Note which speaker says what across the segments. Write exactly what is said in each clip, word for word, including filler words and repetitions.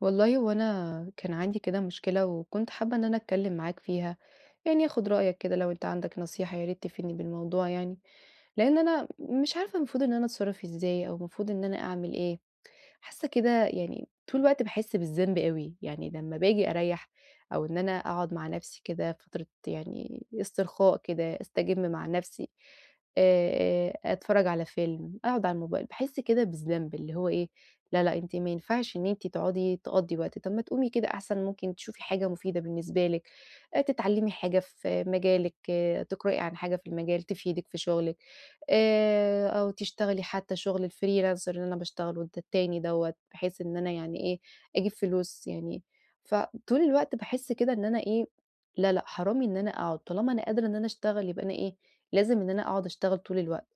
Speaker 1: والله هوأنا كان عندي كده مشكلة، وكنت حابّة إن أنا أتكلّم معاك فيها. يعني آخد رأيك كده لو أنت عندك نصيحة يا ريت تفيدني بالموضوع يعني. لأن أنا مش عارفة المفروض إن أنا أتصرّف إزاي أو المفروض إن أنا أعمل إيه؟ حاسّة كده يعني طول الوقت باحس بالذنب أوي. يعني لمّا بآجي أريح، أو إن أنا أقعد مع نفسي كده فترة يعني استرخاء كده أستجم مع نفسي آآ آآ أتفرّج على فيلم أقعد على الموبايل باحس كده بالذنب. اللي هو إيه؟ لا لأ أنتِ ما ينفعش إن أنتِ تقعدي تقضي وقت، طَب ما تقومي كده أحسن ممكن تشوفي حاجة مفيدة بالنسبة لِك، آآ تتعلمي حاجة في مجالِك، آآ، تقرأي عن حاجة في المجال تفيدِك في شغلِك، آآ، أو تشتغلي حتّى شغل الFreelancer اللي أنا باشتغله الت التاني دَوَّة، بحيث إن أنا يعني إيه، أجيب فلوس يعني. فطول الوقت باحس كده إن أنا إيه، لا لأ حرام إن أنا أقعد، طالما أنا قادرة إن أنا أشتغل يبقى أنا إيه، لازم إن أنا أقعد أشتغل طول الوقت.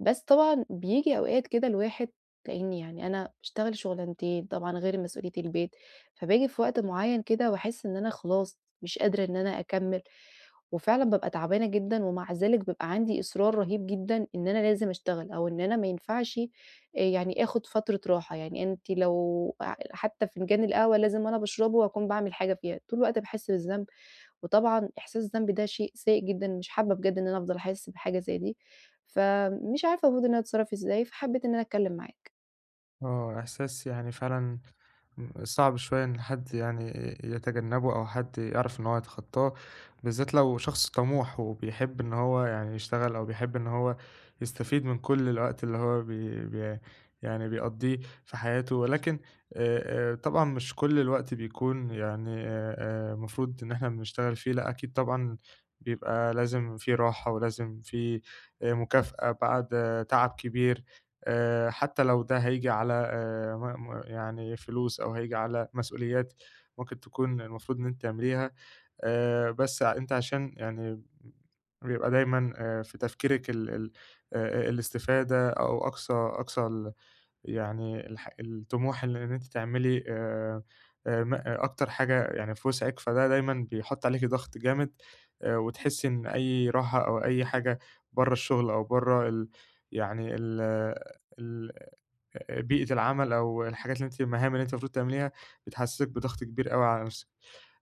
Speaker 1: بس طبعًا بييجي أوقات كده الواحد لأني يعني أنا أشتغل شغلانتين، طبعًا غير مسؤوليّة البيت، فباجي في وقت معيّن كده وأحس إن أنا خلاص مش قادرة إن أنا أكمل، وفعلًا بابقى تعبانة جدًا، ومع ذلك بابقى عندي إصرار رهيب جدًا إن أنا لازم أشتغل، أو إن أنا ما ينفعش آآ يعني آخد فترة راحة يعني. أنتِ لو ح حتّى فنجان القهوة لازم وأنا باشربه وأكون باعمل حاجة فيها، طول الوقت باحس بالذنب، وطبعًا إحساس الذنب ده شيء سيئ جدًا، مش حابّة بجد إن أنا أفضل أحس بحاجة زي دي. فمش عارفة المفروض إن أنا أتصرّف إزاي، فحبيت إنّ أنا أتكلّم معاك.
Speaker 2: آه. إحساس يعني فعلًا ان صعب شوية إن حد يعني ي يتجنّبه أو حد يعرف إن هو يتخطّاه. بالذات لو شخص طموح، وبيحب إن هو يعني يشتغل أو بيحب إن هو يستفيد من كل الوقت اللي هو بي بي يعني بيقضّيه في حياته. ولكن آآ آآ طبعًا مش كل الوقت بيكون يعني أ أ المفروض إن إحنا بنشتغل فيه. لأ أكيد طبعًا بيبقى لازم في راحة ولازم في أ مكافأة بعد تعب كبير. آآ حتّى لو ده هييجي على آآ م م يعني فلوس أو هييجي على مسؤوليات ممكن تكون المفروض إن أنتِ تعمليها. آآ بس ع أنتِ عشان يعني ب بيبقى دايمًا أ في تفكيرِك ال ال أ الاستفادة أو أقصى أقصى ال يعني الح الطموح إن إن أنتِ تعملي آآ آآ م أكتر حاجة يعني في وِسعِك. فده دايمًا بيحُط عليكِ ضغط جامد. أ وتحسّي إن أي راحة أو أي حاجة برّه الشغل أو برّه ال يعني ال ال أ بيئة العمل أو الحاجات اللي أنتِ المهام اللي أنتِ المفروض تعمليها، بتتحسّسِك بضغط كبير أوي على نفسِك.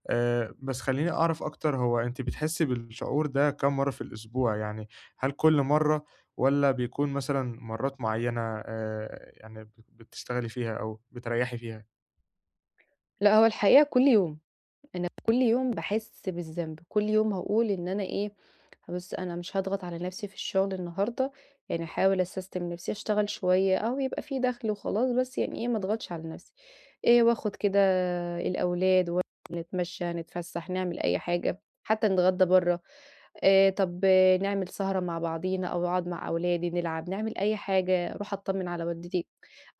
Speaker 2: آآ بس خلّيني أعرف أكتر هو أنتِ بتحسّي بالشعور ده كام مرّة في الأسبوع؟ يعني هل كل مرّة والّا بيكون مثلًا مرّات معيّنة آآ يعني ب بتشتغلي فيها أو بتريّحي فيها؟
Speaker 1: لأ هو الحقيقة كل يوم، أنا كُل يوم باحس بالذنب، كل يوم هاقول إن أنا إيه بُص أنا مش هاضغط على نفسي في الشغل النهارده، يعني هاحاول أسستم نفسي أشتغل شوية أهو يبقى في دخل وخلاص بس يعني إيه ما أضغطش على نفسي. آآ وآخد كده الأولاد [unintelligible] ونتمشى، نتفسح، نعمل أي حاجة، حتى نتغدى برّه. آآ طب نعمل سهرة مع بعضينا أو أقعد مع أولادي نلعب، نعمل أي حاجة، أروح أتطمن على والدتي.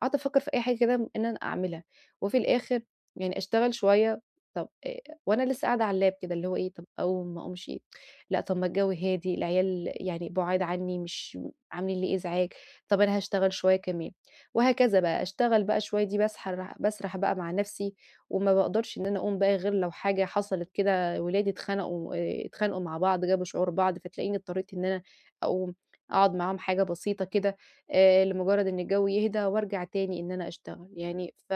Speaker 1: قاعدة أفكر في أي حاجة كده إن أنا أعملها، وفي الآخر يعني أشتغل شوية، طب آآ وأنا لسه قاعدة على اللاب كده اللي هو إيه طب أقوم ما أقومشِ؟ لأ طب ما الجو هادي، العيال يعني بُعاد عني مش عاملين لي إزعاج، طب أنا هاشتغل شوية كمان. وهكذا بقى، أشتغل بقى شوية دي باسح باسرح بقى مع نفسي وما باقدرش إن أنا أقوم بقى غير لو حاجة حصلت كده ولادي اتخنَقوا آآ اتخانقوا مع بعض، جابوا شعور بعض، فتلاقيني اضطريت إن أنا أقوم أقعد معاهم حاجة بسيطة كده آآ لمجرد إن الجو يهدا وأرجع تاني إن أنا أشتغل، يعني ف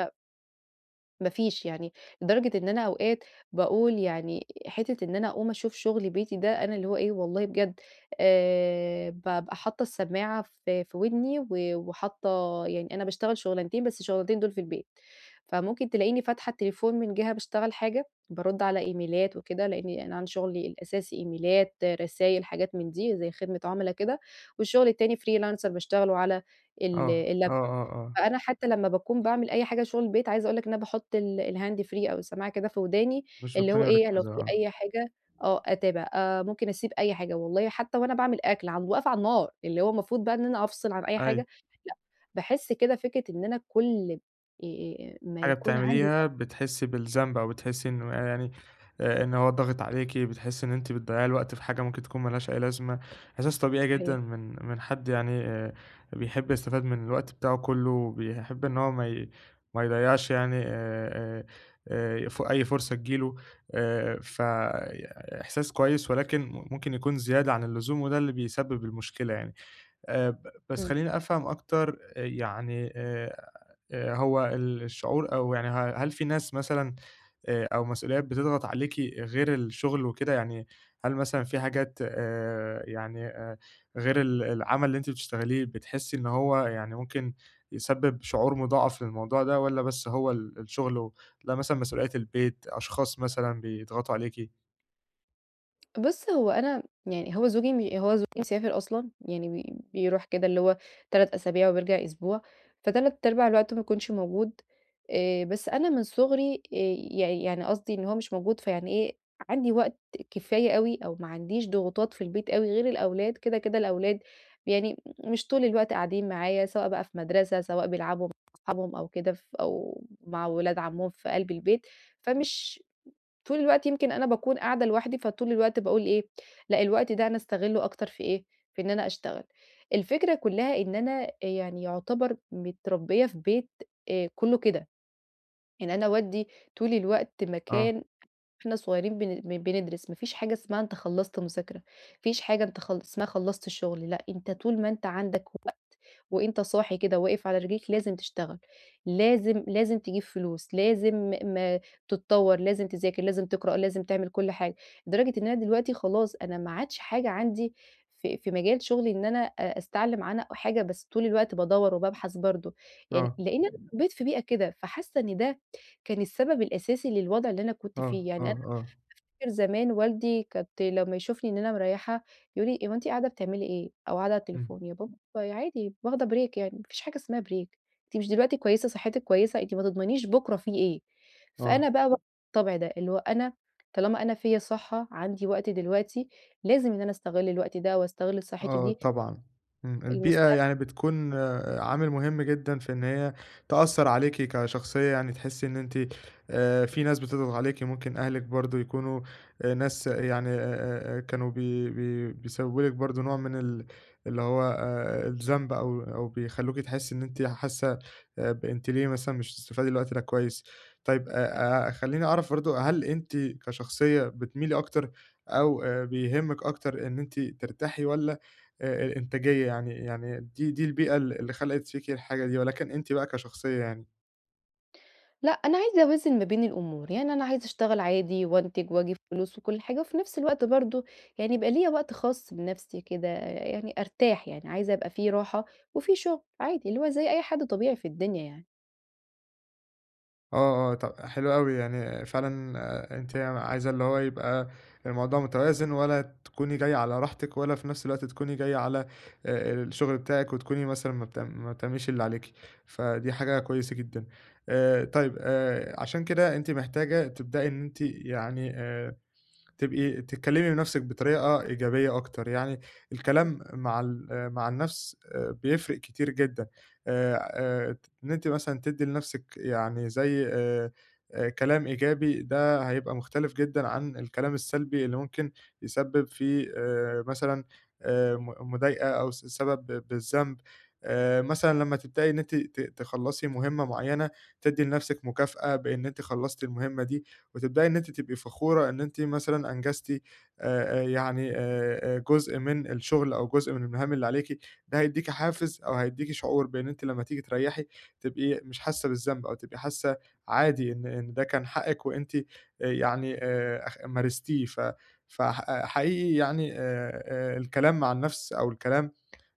Speaker 1: ما فيش يعني، لدرجة إن أنا أوقات باقول يعني حتة إن أنا أقوم أشوف شغل بيتي ده أنا اللي هو إيه والله بجد آآ بابقى حاطة السماعة في في ودني و وحاطة يعني أنا باشتغل شغلانتين بس الشغلانتين دول في البيت. فممكن تلاقيني فاتحة التليفون من جهة باشتغل حاجة، بارُد على إيميلات وكده لأني أنا عندي شغلي الأساسي إيميلات رسايل حاجات من دي زي خدمة عملا كده. والشغل التاني freelancer باشتغله على ال
Speaker 2: آه، آه،
Speaker 1: اللابتوب
Speaker 2: آه، آه.
Speaker 1: فأنا حتى لمّا باكون باعمل أي حاجة شغل البيت عايزة أقول لك إن أنا باحط ال الhand free أو السماعة كده في وداني
Speaker 2: مش
Speaker 1: اللي هو
Speaker 2: بتكوني
Speaker 1: إيه لو
Speaker 2: مركِزة،
Speaker 1: في
Speaker 2: آه.
Speaker 1: أي حاجة آه أتابع، آآ ممكن أسيب أي حاجة والله حتى وأنا باعمل أكل عند واقفة على النار، اللي هو المفروض بقى إن أنا أفصِل عن أي حاجة،
Speaker 2: أيوه.
Speaker 1: لأ، باحس كده فكرة إن أنا كُل آآ ما
Speaker 2: حاجة
Speaker 1: يكون عندي [unintelligible]
Speaker 2: بتعمليها بتحسي بالذنب، أو بتحسي إنه آآ يعني آآ إن هو ضاغط عليكِ، بتحسي إن أنتِ بتضّيعي الوقت في حاجة ممكن تكون ما لهاش أي لازمة. احساس طبيعي جدًا
Speaker 1: صحيح.
Speaker 2: من من حد يعني آآ بيحب يستفاد من الوقت بتاعه كلّه وبيحب إن هو ما ي ما يضّيعش يعني آآ آآ آآ ف أي فرصة تيجي له، آآ فإحساس كويس، ولكن ممكن يكون زيادة عن اللزوم وده اللي بيسبب المشكلة يعني. آآ ب بس
Speaker 1: إمم.
Speaker 2: خلّيني أفهم أكتر آآ يعني آآ آآ هو ال الشعور أو يعني ه هل في ناس مثلًا آآ أو مسؤوليات بتضغط عليكِ غير الشغل وكده؟ يعني هل مثلًا في حاجات آآ يعني آآ غير ال العمل اللي أنتِ بتشتغليه بتحسي إن هو يعني ممكن يسبب شعور مضاعف للموضوع ده والّا بس هو ال الشغل و ل مثلًا مسؤوليّات البيت، أشخاص مثلًا بيضغطوا عليكِ؟
Speaker 1: بُص، هو أنا يعني هو زوجي م هو زوجي مسافر أصلًا. يعني ب بيروح كده اللي هو تلات أسابيع وبيرجع أسبوع، فتلات أرباع الوقت ما بيكونش موجود. آآ بس أنا من صغري آآ يع يعني قصدي إن هو مش موجود فيعني إيه، عندي وقت كفاية أوي، أو ما عنديش ضغوطات في البيت أوي غير الأولاد. كده، كده الأولاد يعني مش طول الوقت قاعدين معايا سواء بقى في مدرسة، سواء بيلعبوا مع اصحابهم أو كده ف أو مع ولاد عمّهم في قلب البيت. فمش طول الوقت يمكن أنا باكون قاعدة لوحدي. فطول الوقت باقول إيه لأ الوقت ده أنا أستغلّه أكتر في إيه؟ في إن أنا أشتغل. الفكرة كُلّها إن أنا أ يعني يعتبر متربّية في بيت آآ كُلّه كده. يعني أنا والدي طول الوقت
Speaker 2: آه.
Speaker 1: مكان وإحنا صغيرين بن بن بندرس. ما فيش حاجة اسمها أنت خلّصت مذاكرة، ما فيش حاجة أنت خلّ اسمها خلّصت الشغل لأ، أنت طول ما أنت عندك وقت وأنت صاحي كده واقف على رجليك، لازم تشتغل. لازم لازم تجيب فلوس، لازم م تتطّور، لازم تذاكر، لازم تقرأ، لازم تعمل كل حاجة. لدرجة إن أنا دلوقتي خلاص أنا ما عادش حاجة عندي في في مجال شغلي إن أنا أ أستعلم عنها أو حاجة، بس طول الوقت بادوّر وبابحث برضه. يعني
Speaker 2: آه.
Speaker 1: لإنّي أنا اتربّيت في بيئة كده، فحاسّة إن ده كان السبب الأساسي للوضع اللي أنا كنت
Speaker 2: آه،
Speaker 1: فيه.
Speaker 2: آه،
Speaker 1: يعني أنا
Speaker 2: آه.
Speaker 1: أفتكر زمان والدي كنت لمّا يشوفني إن أنا مريّحة، يقول لي: "هو أنتِ قاعدة بتعملي إيه؟" أو قاعدة على
Speaker 2: إمم.
Speaker 1: التليفون. يا بابا عادي واخدة break يعني ما فيش حاجة اسمها break. أنتِ مش دلوقتي كويسة صحِّتِك كويسة، أنتِ ما تضمنيش بكرة في إيه.
Speaker 2: آه.
Speaker 1: فأنا بقى و الطبع ده. اللي هو أنا طالما أنا فيّا صحّة، عندي وقت دلوقتي، لازم إن أنا أستغل الوقت ده، وأستغل صحّتي
Speaker 2: آه
Speaker 1: دي
Speaker 2: طبعًا. إمم. البيئة
Speaker 1: المستقب
Speaker 2: يعني بتكون عامل مهم جدًا في إن هي تأثّر عليكِ كشخصية يعني. تحسّي إن أنتِ آآ في ناس بتضغط عليكِ. ممكن أهلِك برضه يكونوا آآ ناس يعني أ أ أ كانوا بي بي بيسبّبوا لِك برضه نوع من ال اللي هو آآ الذنب أو أو بيخلّوكي تحسّي إن أنتِ حاسّة أب أنتِ ليه مثلًا مش بتستفادي من الوقت ده كويس. طيب،
Speaker 1: [unintelligible]
Speaker 2: أ أ خلّيني أعرف برضه هل أنتِ كشخصية بتميلي أكتر أو آآ بيهمِّك أكتر إن أنتِ ترتاحي والّا أ الإنتاجية يعني يعني دي دي البيئة ال اللي خَلَقِت فيكِ الحاجة دي ولكن أنتِ بقى كشخصية يعني؟
Speaker 1: لأ أنا عايزة أوازن ما بين الأمور، يعني أنا عايزة أشتغل عادي وانتج وأجيب فلوس وكل حاجة، وفي نفس الوقت برضه، يعني يبقى ليّا وقت خاص بنفْسي كده، يعني أرتاح يعني عايزة أبقى في راحة وفي شغل، عادي اللي هو زي أي حد طبيعي في الدنيا يعني.
Speaker 2: آه، آه، ط حلو أوي يعني فعلًا آآ أنتِ عايزة اللي هو يبقى الموضوع متوازن ولا تكوني جايّة على راحتك، ولا في نفْس الوقت تكوني جايّة على آآ الشغل بتاعِك وتكوني مثلًا ما بت ما بتعمليش اللي عليكِ، فدي حاجة كويسة جدًا، آآ طيب آآ عشان كده أنتِ محتاجة تبدأي إن أنتِ يعني آآ، تبقي تكلّمي نفسِك بطريقة إيجابية أكتر يعني،
Speaker 1: [unintelligible]
Speaker 2: الكلام مع ال آآ مع النَفْس بيفرِق كتير جدًا، آآ آآ ت إن أنتِ مثلًا تدّي لنفْسِك يعني زي آآ كلام إيجابي ده هيبقى مختلف جدًا عن الكلام السلبي اللي ممكن يسبّب في آآ، مثلًا آآ م مضايقة أو س سبب بالذنب، آآ مثلًا لمّا تبدأي إن أنتِ ت تخلّصي مهمّة معيّنة، تدّي لنفْسِك مكافأة بإن أنتِ خلصتِ المهمّة دي، وتبدأي إن أنتِ تبقي فخورة إن أنتِ مثلًا أنجزتِ آآ آآ يعني آآ جزء من الشغل أو جزء من المهام اللي عليكِ، ده هيدّيكي حافز أو هيدّيكي شعور بإن أنتِ لمّا تيجي تريّحي تبقي مش حاسّة بالذنب، أو تبقي حاسة عادي إن إن ده كان حقِك وأنتِ يعني آآ أخ مارستيه، ف فح حقيقي يعني آآ آآ الكلام مع النفْس أو الكلام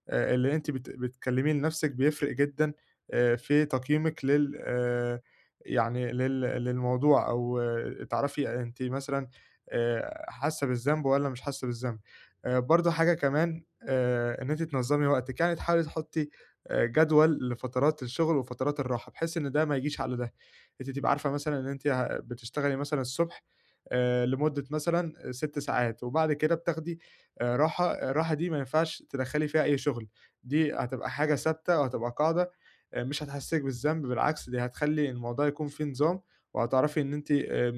Speaker 2: آآ اللي أنتِ بت بتكلّميه لنفْسِك بيفرِق جدًا، آآ في تقييمِك لل آآ يعني لل للموضوع، أو تعرفي أنتِ مثلًا آآ حاسّة بالذنب والّا مش حاسّة بالذنب، آآ برضه حاجة كمان آآ إن أنتِ تنظّمي وقتِك، يعني تحاولي تحطّي جدول لفترات الشغل وفترات الراحة، بحيث إن ده ما يجيش على ده، أنتِ تبقى عارفة مثلًا إن أنتِ ه بتشتغلي مثلًا الصبح، آآ لمدة مثلًا سِت ساعات، وبعد كده بتاخدي آآ راحة الراحة دي ما ينفعش تدخّلي فيها أي شغل، دي هتبقى حاجة ثابتة وهتبقى قاعدة آآ مش هتحسّسك بالذنب بالعكس، دي هتخلّي الموضوع يكون فيه نظام، وهتعرفي إن أنتِ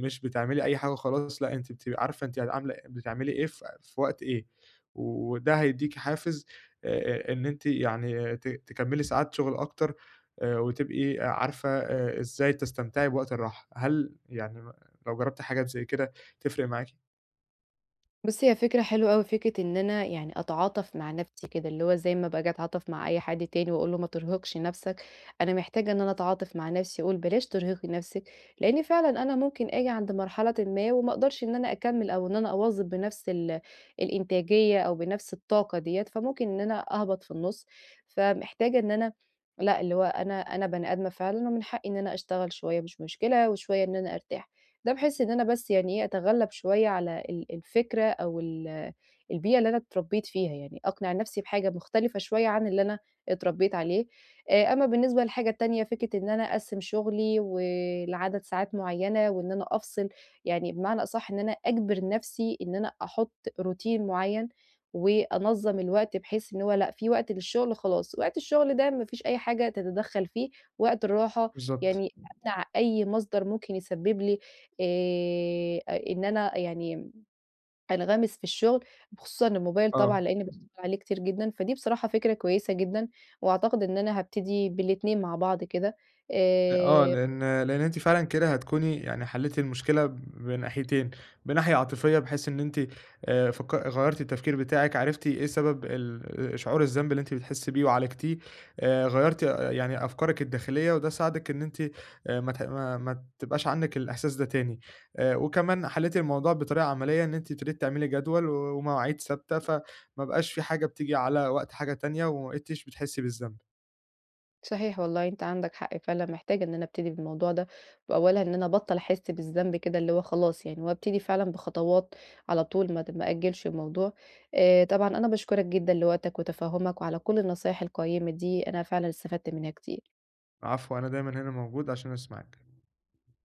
Speaker 2: مش بتعملي أي حاجة وخلاص لأ أنتِ بتبقي عارفة أنتِ عاملة بتعملي إيه في في وقت إيه، وده هيدّيكي حافز آآ آآ إن أنتِ يعني ت تكمّلي ساعات شغل أكتر، آآ وتبقي عارفة إزاي تستمتعي بوقت الراحة، هل يعني ن لو جرّبتِ حاجات زي كده تفرِق معاكِ؟
Speaker 1: بُصّ هي فكرة حلوة أوي، فكرة إن أنا يعني أتعاطف مع نفْسي كده، اللي هو زي ما باجي أتعاطف مع أي حد تاني وأقول له ما ترهقش نفْسك، أنا محتاجة إن أنا أتعاطف مع نفْسي، وأقول بلاش ترهقي نفْسِك، لإني فعلًا أنا ممكن أجي عند مرحلةٍ ما وما أقدرش إن أنا أكمّل أو إن أنا أواظب بنفْس ال الإنتاجية، أو بنفْس الطاقة ديّة فممكن إن أنا أهبط في النُص، فمحتاجة إن أنا لأ اللي هو أنا أنا بني آدمة فعلًا ومن حقي إن أنا أشتغل شوية مش مشكلة وشوية إن أنا أرتاح، ده بحيث إن أنا بس يعني إيه؟ أتغلّب شوية على ال الفكرة أو ال البيئة اللي أنا اتربّيت فيها يعني، أقنع نفْسي بحاجة مختلفة شوية عن اللي أنا اتربّيت عليه، آآ أمّا بالنسبة للحاجة التانية فكرة إن أنا أقسّم شغلي ولعدد ساعات معينة وإن أنا أفصِل، يعني بمعنى أصح إن أنا أجبر نفْسي إن أنا أحط روتين معيّن، وأنظّم الوقت بحيث إن هو لأ في وقت للشغل خلاص، وقت الشغل ده ما فيش أي حاجة تتدخّل فيه، وقت الراحة
Speaker 2: بالضبط.
Speaker 1: يعني أمنع أي مصدر ممكن يسبّب لي أ إن أنا يعني أنغمس في الشغل، خصوصًا الموبايل طبعًا
Speaker 2: آه.
Speaker 1: لإن [unintelligible] عليه كتير جدًا، فدي بصراحة فكرة كويسة جدًا، وأعتقد إن أنا هابتدي بالاتنين مع بعض كده
Speaker 2: أ آه
Speaker 1: آآ
Speaker 2: لإن لإن أنتِ فعلًا كده هتكوني يعني حلّيتِ المشكلة بناحيتين، بناحية عاطفية بحيث إن أنتِ آآ فك غيّرتِ التفكير بتاعِك عرفتِ إيه سبب ال شعور الذنب اللي أنتِ بتحسّي بيه وعالجتيه، آآ غيّرتِ يعني أفكارِك الداخلية وده ساعدِك إن أنتِ آآ ما تح ما ما تبقاش عندِك الإحساس ده تاني، آآ وكمان حلّيتِ الموضوع بطريقة عملية إن أنتِ ابتديتِ تعملي جدول ومواعيد ثابتة، فما بقاش في حاجة بتيجي على وقت حاجة تانية، وما بقيتيش بتحسّي بالذنب.
Speaker 1: صحيح والله أنت عندك حق فعلًا محتاجة إن أنا أبتدي بالموضوع ده، وأولها إن أنا أبطّل أحس بالذنب كده اللي هو خلاص يعني، وأبتدي فعلًا بخطوات على طول ما د ما أأجّلش الموضوع، آآ طبعًا أنا باشكرك جدًا لوقتك، وتفهُّمك وعلى كلّ النصايح القيّمة دي، أنا فعلًا استفدت منها كتير.
Speaker 2: العفو، أنا دايمًا هنا موجود عشان أسمعِك.